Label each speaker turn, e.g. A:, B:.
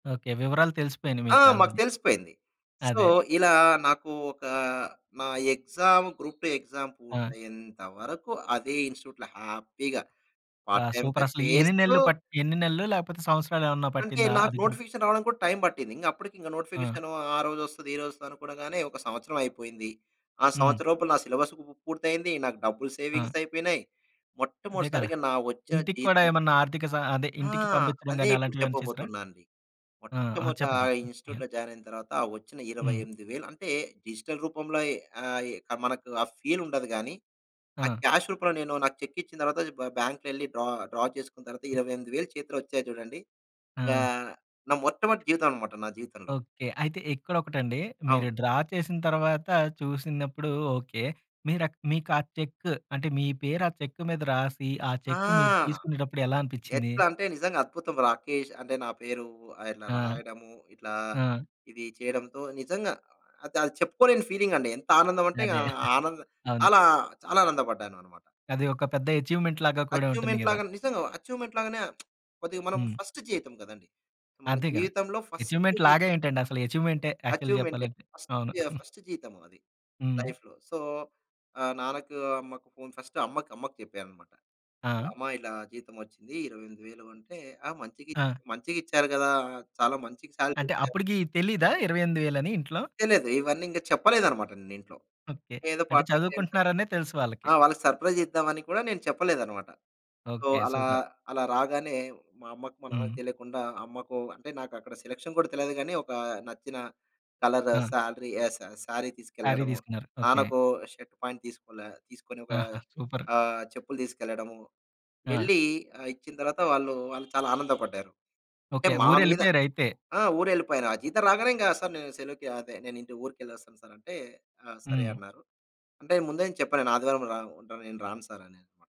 A: Okay. వివరాలు తెలిసిపోయినియి
B: ఆ! మాకు
A: మీకాల్రెడీ.
B: తెలిసిపోయింది. సో,
A: అదే.
B: ఇలా నాకు ఒక నా ఎక్సామ్ గ్రూప్ 2 ఎక్సామ్
A: ఆ!
B: పూర్తయ్యేంత వరకు అదే ఇన్‌స్ట్‌ట్యూట్‌లో హ్యాపీగా
A: ఆ!
B: పార్ట్ టైమ్‌గా
A: సూపరసలు ఈ ఎన్ని
B: చేస్తూ
A: నెలలు పట్టి ఎన్ని నెలలు లేపోతే సంవత్సరాలేమన్నా
B: అంటే
A: పట్టిందా
B: నాకు
A: అది గ్రూ
B: నోటిఫికేషన్ రావడానిక్కూడా టైమ్ పట్టింది. ఇంకప్పడికింక
A: ఆ!
B: నోటిఫికేషను ఆ రోజొస్తది. ఈరోజొవస్తదనుకోగానే ఒక సంవత్సరం అయిపోయింది. ఆ
A: హ్మ్.
B: సంవత్సరం లోపు నా సిలబస్ పు పూర్తయింది. నాకు డబ్బులు
A: ఆ!
B: సేవింగ్స్ అయిపోయినాయి.
A: అదే
B: మొట్టమొదటి
A: కదా!
B: సారిగా నా వచ్చేన
A: ఇంటిక్కూడా
B: జీతం
A: ఏమన్నా ఆర్థిక సహ అదే
B: ఆ!
A: ఇంటికి పంపించడం
B: అదే
A: గానీ
B: ఇప్పుడు
A: అలాంటివేమన్నా చేసారా?
B: చెప్పబోతున్నానండి.
A: ఆ! ఆ!
B: మొట్టమొదట
A: చెప్పండి. చెప్పండి. యాహ్!
B: ఇన్‌స్ట్‌ట్యూట్‌లో జాయినయిన తర్వాత వచ్చిన ఇరవై
A: హ్మ్.
B: ఎనిమిది వేలు అంటే డిజిటల్ రూపంలోయి అయి మనకు ఆ ఫీలుండదు గానీ, ఆ
A: ఆ!
B: క్యాష్ రూపంలో నేను నాకు చెక్కిచ్చిన తర్వాత బ్ బాంక్‌లో యేళ్ళి డ్రా డ్రా చేసుకున్న తర్వాత 28 వేలు చేతిలో వచ్చాయి జూడండి. గా
A: ఆ!
B: నా మొట్టమొదటి జీతమమమాట నా జీవితంలో.
A: ఓకే! అయితే ఇక్కడొకటండి మీరు
B: అవును.
A: డ్రా చేసిన తర్వాత చూసినప్పుడు ఓకే. మీరక్ మీకు ఆ చెక్ అంటే మీ పేరు ఆ చెక్ మీద రాసి, ఆ
B: ఆ!
A: చెక్కు మీరు తీసుకునేటప్పుడెలా అనిపిచింది?
B: ఎట్లా అంటే నిజంగా అద్భుతం. రాకేష్ అంటే నా పేరు ఆయన
A: ఆ!
B: రాయడము. ఇట్లా
A: ఆ!
B: ఇది చేయడంతో నిజంగా అదది చెప్పుకోలేని ఫీలింగండి. ఎంత ఆనందం అంటే ఇంగ
A: అదే.
B: ఆనంద్
A: అవును.
B: అలా చాలా ఆనందపడ్డాననమాట.
A: అది ఒక పెద్ద అచీవ్మెంట్‌లాగా కూడా ఉంటుంది గదా!
B: అచ్చివ్మెంట్‌లాగా నిజంగా అచ్చివ్మెంట్‌లాగానే కొద్దిగా మనం
A: హ్మ్.
B: ఫస్ట్ జీతం కదండీ. మన
A: అదేగా.
B: జీవితంలో ఫస్ట్
A: అచీవ్మెంట్‌లాగా
B: జీతం.
A: ఏంటండి అసలు అచీవ్మెంటే యాక్చువల్లి
B: అచీవ్మెంటే
A: చెప్పాలంటే.
B: ఫస్ట్
A: అవును.
B: ఫస్ట్ జీతం అది.
A: హ్మ్.
B: లైఫ్‌లో సో, ఆహ్, నాన్నకు, అమ్మకు ఫోన్ ఫస్ట్ అమ్మకు అమ్మకు చెప్పాననమాట.
A: ఆ!
B: అమ్మా ఇలా జీతం వచ్చింది 28 వేలు అంటే, ఆ మంచిగిచ్
A: ఆ!
B: మంచిగిచ్చారు గదా! చాలా మంచి సాలరీ
A: అంటే
B: ఇచ్చారు.
A: అప్పటికి తెలీదా 28 వేలని ఇంట్లో?
B: తెలీదు. ఇవన్నింక చెప్పలేదనమాట. నేను ఇంట్లో.
A: ఓకే.
B: ఏదో
A: అంటే
B: పార్ టైమ్ చేద్దాం.
A: చదువుకుంటున్నారనే తెలుసు
B: ఆ!
A: వాళ్ళకి.
B: వాళ్ళకి సర్ప్రైజ్ ఇద్దామని కూడా నేను చెప్పలేదనమాట. So,
A: okay.
B: అలా
A: సూపర్.
B: అలా రాగానే మా అమ్మకు మా నాన్నకు
A: హ్మ్.
B: తెలీకుండా అమ్మకు అంటే నాకక్కడ సెలక్షన్ కూడా తెలీదు కానీ, ఒకా నచ్చిన కలర్
A: ఆ!
B: సాలరీ ఆహ్, స సారీ
A: సారీ
B: తీసుకెళ్లడం.
A: తీసుకున్నారు. ఓకే.
B: నాన్నకు షర్ట్, ప్యాంట్ తీసుకోలే తీసుకొని ఒక
A: ఆహా! సూపర్.
B: ఆహ్, చెప్పులు తీసుకెళ్లడము.
A: ఆ!
B: వెళ్ళి ఆహ్, ఇచ్చిన తర్వాత వాళ్ళు వాళ్ళు చాలా ఆనందపడ్డారు. అంటే
A: ఓకే.
B: మా మీద
A: ఊరెళ్ళిపోయారయితే.
B: ఆ! ఊరెళ్ళిపోయాను. ఆ జీతం రాగానే ఇంక సార్ సెలవుకి అదే నేను ఇంటి ఊరికెళ్లొస్తాను సార్ అంటే, ఆ సరే
A: హ్మ్.
B: అన్నారు. అంటే ముందే చెప్పాను నేను ఆదివారం రాను. ఉంటా నేను రాను సార్ అని.